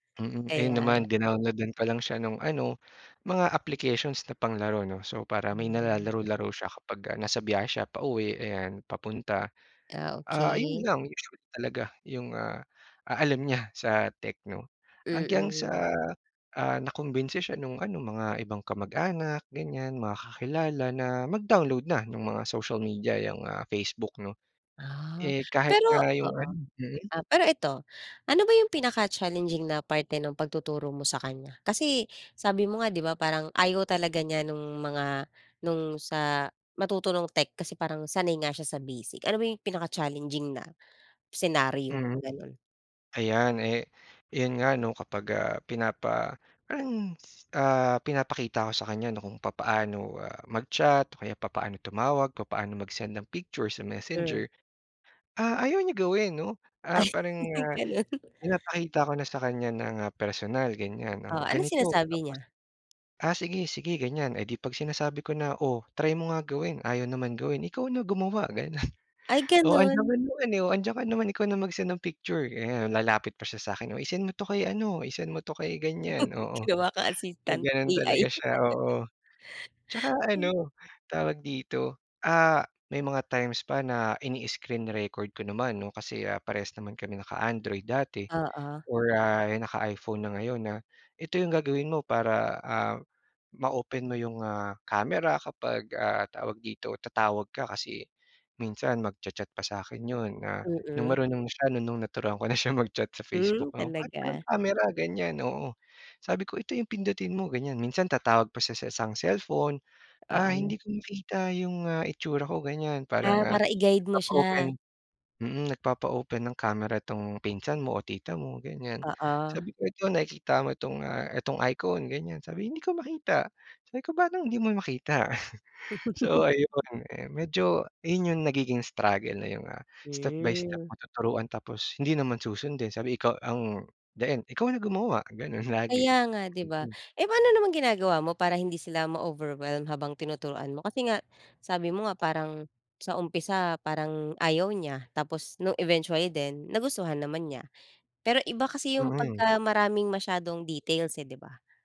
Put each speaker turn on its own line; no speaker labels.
Mm. Ayun
Kaya nga.
naman dinowload-an ko lang siya nung ano mga applications na panglaro 'no. So para may
Mhm.
nalalaro-laro siya kapagka nasa biyahe siya pauwi ayan, papunta.
Ah,
Ah, yun
okey.
lang usually talaga yung ah ah, alam niya sa tech 'no. Hanggang sa
Mm.
ah, nakumbinsi siya nung ano mga ibang kamag-anak ganyan, mga kakilala na mag-download na nung mga social media, yung ah Facebook' no.
Ah.
Eh kahit
Pero
nga yung
oo,
ano mm.
ah, pero ito, ano ba yung pinaka-challenging na parte ng pagtuturo mo sa kanya? Kasi, sabi mo nga 'di ba parang ayaw talaga niya nung mga nung sa matuto nung tech kasi parang sanay nga siya sa basic. Ano ba yung pinaka-challenging na, senaryo,
Mm.
ganon?
Ayan eh, yun nga 'no kapag ah, pinapa parang s ah, pinapakita ko sa kanya 'no kung papaano, ah, mag-chat, o kaya papaano tumawag, papaano mag-send ng picture sa
Hmm.
Messenger, ah, ayaw niya gawin 'no.
Ay
Ah, parang, ah,
ganun.
pinapakita ko na sa kanya ng personal ganyan
Oh,
o
anong
ganito tapos,
sinasabi niya?
ah, sige-sige ganyan eh di 'pag sinasabi ko na "Oh try mo nga gawin" Ayaw naman gawin. Ikaw na gumawa ganun.
Ay
"Oh andiyan
ganun?
ka naman eh, oh andiyan ka naman, ikaw na mag-send ng picture," ganon. Lalapit pa siya sa'kin, "Oh i-send mo 'to kay ano, i-send mo 'to kay ganyan." Oo
Ginawa ka
eh
assistant,
ganun
AI.
talaga siya, oo saka
Then
ano, tawag dito, ah, may mga times pa na ini-screen record ko naman no, kasi, ah, parehas naman kami naka-Android dati,
Oo.
or, ah, eh naka-iPhone na ngayon, ah. Ito yung gagawin mo para ah ma-open mo yung, ah, camera kapag, ah, tawag dito, tatawag ka. Kasi, minsan mag-cha-chat pa sa'kin yun na, nung
Mm.
marunong na siya, nung nung naturuan ko na siya mag-chat sa
Hmm,
Facebook 'no, "Ba't walang
talaga?
camera?" Ganyan, oo. Sabi ko "Ito yung pindutin mo" Ganyan. Minsan tatawag pa siya sa isang cellphone, ah,
Oo.
hindi ko makita yung ah itsura ko ganyan para,
Ah,
ah,
para i-guide mo
nagpapa-open
siya?
mm, nagpapa-open ng camera tong pinsan mo o tita mo ganyan.
Oo.
Sabi ko, "Ito nakikita mo itong, ah, itong icon?" ganyan. Sabi, "Hindi ko makita," sabi ko "Paanong hindi mo makita?" So ayun, eh medyo yun yung nagiging struggle na yung, ah, step by step
Hmm.
matuturuan tapos hindi naman susundin. Sabi ikaw ang the end, "ikaw na gumawa," ganon lagi.
Kaya nga 'di ba?
Mm.
Eh paano naman ginagawa mo para hindi sila ma-overwhelm habang tinuturuan mo? Kasi nga, sabi mo nga parang, sa umpisa, parang ayaw niya, tapos nung eventually din, nagustuhan naman niya. Pero iba kasi yung
Mm.
pagka-maraming masyadong details eh 'di ba?